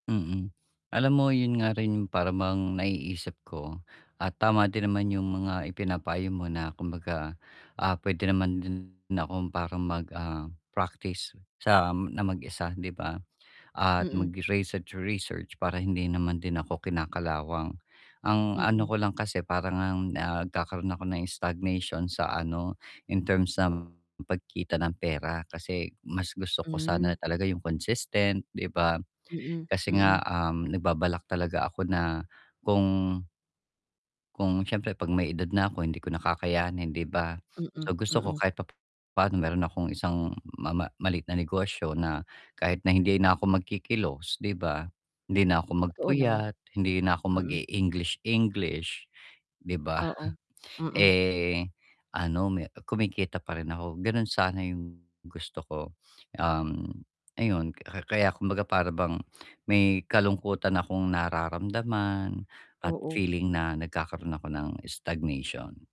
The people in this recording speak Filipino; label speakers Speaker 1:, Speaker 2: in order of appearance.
Speaker 1: Mm, alam mo 'yun nga rin yung para bang naiisip ko at tama din naman yung mga ipinapayo mo na kumbaga, ah, puwede naman din akong parang mag, ah, practice sa na mag-isa 'di ba? At
Speaker 2: Mm.
Speaker 1: mag-research-research para hindi naman din ako kinakalawang. Ang ano
Speaker 2: Mm.
Speaker 1: ko lang kasi para ngang ngkakaroon ako ng stagnation sa ano in terms ng pagkita ng pera kasi mas gusto ko
Speaker 2: Hmm.
Speaker 1: sana talaga yung consistent 'di ba?
Speaker 2: Mm,
Speaker 1: Kasi nga,
Speaker 2: mm.
Speaker 1: um, nagbabalak talaga ako na kung kung siyempre 'pag may edad na ako hindi ko na kakayanin 'di ba?
Speaker 2: Mm,
Speaker 1: So, gusto ko
Speaker 2: mm.
Speaker 1: kahit pa pa'no mayro'n akong isang ma ma maliit na negosyo na kahit na hindi na ako magkikilos 'di ba? Hindi na ako
Speaker 2: Totoo naman.
Speaker 1: magpuyat, hindi na ako
Speaker 2: Mm.
Speaker 1: mag-e-English English, 'di ba?
Speaker 2: Oo, mm.
Speaker 1: Eh, ano me kumikita pa rin ako, gano'n sana yung gusto ko. Um, ayun ka kaya kumbaga para bang may kalungkutan akong nararamdaman at
Speaker 2: Oo.
Speaker 1: feeling na nagkakaroon ako ng stagnation.